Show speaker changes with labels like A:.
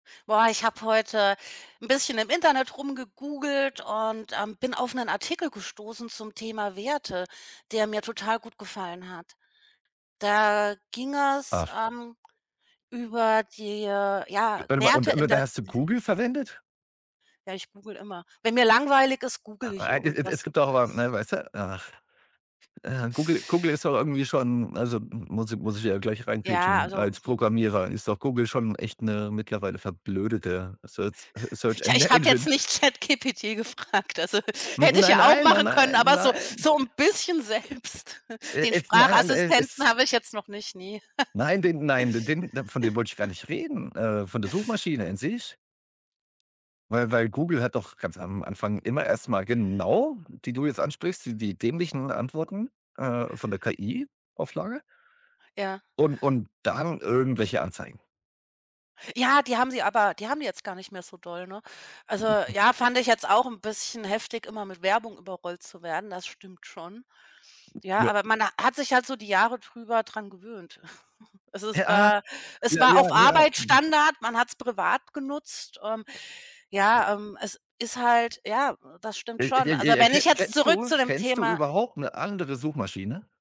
A: Boah, ich habe heute 'n bisschen im Internet rumgegoogelt und, ähm, bin auf 'nen Artikel gestoßen zum Thema Werte, der mir total gut gefallen hat. Da ging es,
B: Ach.
A: ähm, über die, ja,
B: Warte mal, und
A: Werte in
B: und da
A: der
B: hast du
A: [unintelligible]
B: Google verwendet?
A: Ja, ich google immer. Wenn mir langweilig ist, google ich
B: [unintelligible] Es
A: irgendwas.
B: gibt doch aber ne, weißte, ach äh, Google Google ist doch irgendwie schon also muss ich muss ich ja gleich
A: Ja,
B: reingrätschen
A: also,
B: als
A: hm.
B: Programmierer ist doch Google schon echt 'ne mittlerweile verblödete Searz Search
A: Ja,
B: En
A: ich habe jetzt
B: Engine.
A: nicht ChatGPT gefragt, also
B: N
A: hätte ich
B: nein,
A: ja auch
B: nein, nein,
A: machen können,
B: nein,
A: aber so
B: nein.
A: so 'n bisschen selbst.
B: Äh,
A: Den
B: es nein, nein, äh, es
A: Sprachassistenten habe ich jetzt noch nicht, ne.
B: nein, den nein, de den da von dem wollt ich gar nicht reden, äh, von der Suchmaschine an sich, weil weil Google hat doch ganz am Anfang immer erst mal genau die du jetzt ansprichst, die die dämlichen Antworten, äh, von der KI-Auflage
A: Ja.
B: und und dann irgendwelche Anzeigen.
A: Ja, die haben sie aber die haben die jetzt gar nicht mehr so doll, ne? Also ja, fand ich
B: [unintelligible]
A: jetzt auch 'n bisschen heftig, immer mit Werbung überrollt zu werden, das stimmt schon. Ja,
B: Ja.
A: aber man hat sich halt so die Jahre drüber dran gewöhnt. Also es
B: Ja.
A: war es
B: Ja,
A: war
B: ja,
A: auf
B: ja.
A: Arbeit
B: Ne.
A: Standard, man hat's privat genutzt, ähm, ja, ähm, es ist halt ja, das stimmt schon. Also,
B: [unintelligible]
A: wenn
B: Ke
A: ich jetzt
B: kennst
A: zurück
B: du
A: zu dem
B: kennst du
A: Thema
B: überhaupt 'ne andere Suchmaschine?